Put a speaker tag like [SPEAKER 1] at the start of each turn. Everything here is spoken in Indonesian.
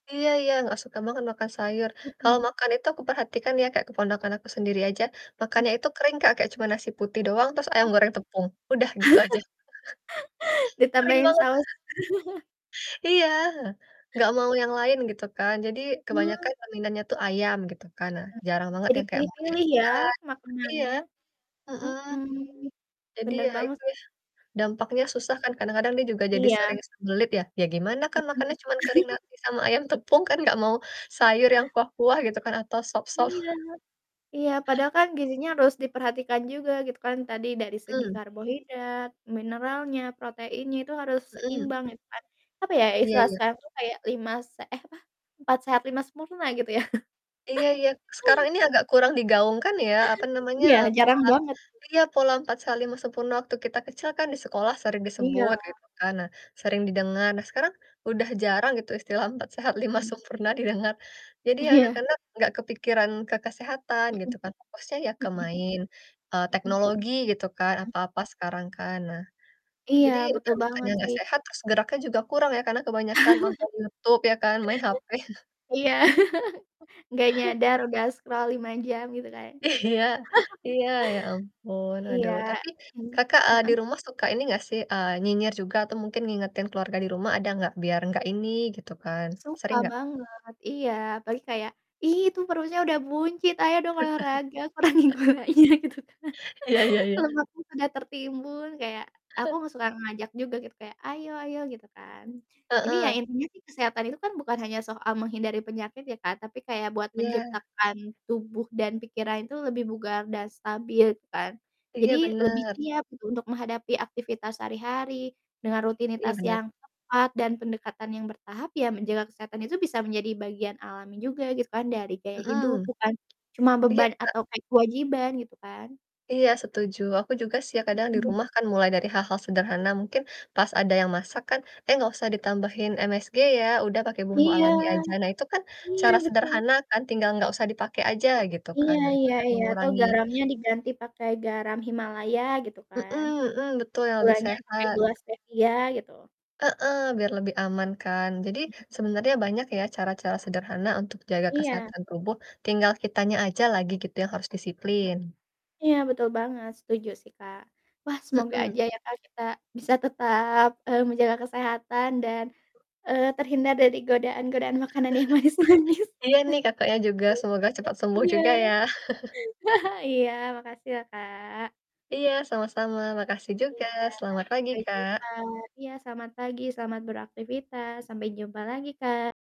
[SPEAKER 1] Iya iya, nggak suka banget makan sayur. Kalau
[SPEAKER 2] Mhm.
[SPEAKER 1] makan itu aku perhatikan ya, kayak keponakan aku sendiri aja
[SPEAKER 2] Mmm.
[SPEAKER 1] makannya itu kering Kak, kayak cuma nasi putih doang, terus ayam
[SPEAKER 2] Oh.
[SPEAKER 1] goreng tepung udah, gitu aja. Kering
[SPEAKER 2] Ditambahin
[SPEAKER 1] banget.
[SPEAKER 2] saus.
[SPEAKER 1] Iya, nggak mau yang lain, gitu kan. Jadi,
[SPEAKER 2] Iya.
[SPEAKER 1] kebanyakan peminatnya tuh ayam, gitu kan. Nah,
[SPEAKER 2] M
[SPEAKER 1] jarang banget
[SPEAKER 2] jadi
[SPEAKER 1] yang kayak maunya
[SPEAKER 2] pilih-pilih ya,
[SPEAKER 1] ikan iya,
[SPEAKER 2] makanannya?
[SPEAKER 1] mhm.
[SPEAKER 2] Mhm.
[SPEAKER 1] Jadi,
[SPEAKER 2] Bener
[SPEAKER 1] ya
[SPEAKER 2] banget
[SPEAKER 1] itu,
[SPEAKER 2] sih.
[SPEAKER 1] ya dampaknya
[SPEAKER 2] A
[SPEAKER 1] susah kan kadang-kadang dia juga jadi
[SPEAKER 2] Iya.
[SPEAKER 1] sering sembelit ya, ya gimana kan
[SPEAKER 2] Mhm.
[SPEAKER 1] makannya cuman kering, nasi sama ayam tepung kan, nggak mau sayur yang kuah-kuah gitu kan, atau sop-sop.
[SPEAKER 2] Iya iya, padahal kan, gizinya harus diperhatikan juga, gitu kan, tadi dari segi
[SPEAKER 1] Mhm.
[SPEAKER 2] karbohidrat, mineralnya, proteinnya itu harus
[SPEAKER 1] Mhm.
[SPEAKER 2] seimbang gitu kan, apa ya,
[SPEAKER 1] Iya
[SPEAKER 2] istilah
[SPEAKER 1] iya.
[SPEAKER 2] sekarang tuh kayak, lima se eh, apa, 4 sehat, 5 sempurna, gitu ya.
[SPEAKER 1] Iya iya, sekarang ini agak kurang digaungkan ya, apa namanya,
[SPEAKER 2] Iya,
[SPEAKER 1] e pola
[SPEAKER 2] jarang banget.
[SPEAKER 1] iya, pola 4 sehat, 5 sempurna, waktu kita kecil kan di sekolah sering disebut
[SPEAKER 2] Iya.
[SPEAKER 1] gitu kan, nah sering didengar. Nah, sekarang udah jarang gitu, istilah 4 sehat, 5
[SPEAKER 2] Mhm.
[SPEAKER 1] sempurna, didengar. Jadi, ya
[SPEAKER 2] Iya
[SPEAKER 1] anak-anak nggak kepikiran ke kesehatan, gitu
[SPEAKER 2] Mhm
[SPEAKER 1] kan, fokusnya ya ke
[SPEAKER 2] mhm.
[SPEAKER 1] main, eee,
[SPEAKER 2] Mhm. Mmm.
[SPEAKER 1] teknologi gitu kan, apa-apa sekarang kan. Nah,
[SPEAKER 2] Iya,
[SPEAKER 1] jadi, udah
[SPEAKER 2] betul
[SPEAKER 1] makannya
[SPEAKER 2] banget
[SPEAKER 1] nggak
[SPEAKER 2] sih.
[SPEAKER 1] sehat, terus geraknya juga kurang ya, karena kebanyakan nonton Youtube ya kan, main HP.
[SPEAKER 2] Iya, nggak nyadar udah scroll 5 jam, gitu kan.
[SPEAKER 1] Iya iya, ya ampun,
[SPEAKER 2] Iya,
[SPEAKER 1] aduh. Tapi,
[SPEAKER 2] mhm,
[SPEAKER 1] Kakak, eee, di
[SPEAKER 2] heeh.
[SPEAKER 1] rumah suka ini nggak sih, eee, nyinyir juga atau mungkin ngingetin keluarga di rumah ada nggak? Biar, nggak ini, gitu kan,
[SPEAKER 2] Suka
[SPEAKER 1] sering nggak?
[SPEAKER 2] banget, iya, apalagi kayak, "Ih, itu perutnya udah buncit, ayo dong olahraga kurangin gulanya," gitu kan,
[SPEAKER 1] Iya iya iya.
[SPEAKER 2] lemaknya udah tertimbun, kayak, aku nggak suka ngajak juga kayak, "Ayo-ayo," gitu kan. Jadi ya,
[SPEAKER 1] Heeh.
[SPEAKER 2] intinya sih kesehatan itu kan bukan hanya soal menghindari penyakit ya, Kak. Tapi kayak buat
[SPEAKER 1] Iya.
[SPEAKER 2] menciptakan tubuh dan pikiran itu lebih bugar, dan stabil, gitu kan.
[SPEAKER 1] Iya,
[SPEAKER 2] Jadi, lebih
[SPEAKER 1] bener.
[SPEAKER 2] siap gitu, untuk menghadapi aktivitas sehari-hari dengan
[SPEAKER 1] Iya,
[SPEAKER 2] rutinitas
[SPEAKER 1] bener
[SPEAKER 2] yang tepat dan pendekatan yang bertahap, ya menjaga kesehatan itu bisa menjadi bagian alami juga gitu kan, dari gaya
[SPEAKER 1] Mhm.
[SPEAKER 2] hidup bukan cuma
[SPEAKER 1] Iya,
[SPEAKER 2] beban
[SPEAKER 1] Kak.
[SPEAKER 2] atau kayak kewajiban, gitu kan
[SPEAKER 1] Iya setuju, aku juga sih, ya kadang di
[SPEAKER 2] Mhm.
[SPEAKER 1] rumah kan mulai dari hal-hal sederhana mungkin pas, ada yang masak kan, "Eh, nggak usah ditambahin MSG ya, udah pakai bumbu
[SPEAKER 2] Iya,
[SPEAKER 1] alami aja." Nah, itu kan
[SPEAKER 2] iya
[SPEAKER 1] cara
[SPEAKER 2] betul.
[SPEAKER 1] sederhana kan, tinggal nggak usah dipakai aja, gitu kan.
[SPEAKER 2] Iya
[SPEAKER 1] Nah, itu
[SPEAKER 2] iya
[SPEAKER 1] udah
[SPEAKER 2] iya, atau
[SPEAKER 1] mengurangi
[SPEAKER 2] garamnya diganti pake garam Himalaya, gitu
[SPEAKER 1] Mhm
[SPEAKER 2] kan.
[SPEAKER 1] mhm, betul, yang lebih
[SPEAKER 2] Gulanya pakai
[SPEAKER 1] sehat
[SPEAKER 2] gula Stevia, gitu.
[SPEAKER 1] Heeh, biar lebih aman kan. Jadi,
[SPEAKER 2] Mmm.
[SPEAKER 1] sebenernya banyak ya, cara-cara sederhana untuk jaga
[SPEAKER 2] Iya.
[SPEAKER 1] kesehatan tubuh, tinggal kitanya aja lagi gitu, yang harus disiplin.
[SPEAKER 2] Iya, betul banget, setuju sih Kak. Wah, semoga
[SPEAKER 1] Mhm.
[SPEAKER 2] aja ya Kak, kita bisa tetap, eee, menjaga kesehatan dan, eee, terhindar dari godaan-godaan makanan yang manis-manis.
[SPEAKER 1] Iya nih, Kakaknya juga, semoga cepat sembuh
[SPEAKER 2] Iya.
[SPEAKER 1] juga ya.
[SPEAKER 2] Iya, makasih ya, Kak.
[SPEAKER 1] Iya, sama-sama, makasih juga.
[SPEAKER 2] Iya,
[SPEAKER 1] Selamat pagi,
[SPEAKER 2] sampai jumpa.
[SPEAKER 1] Kak.
[SPEAKER 2] Iya, selamat pagi, selamat beraktifitas, sampai jumpa lagi Kak.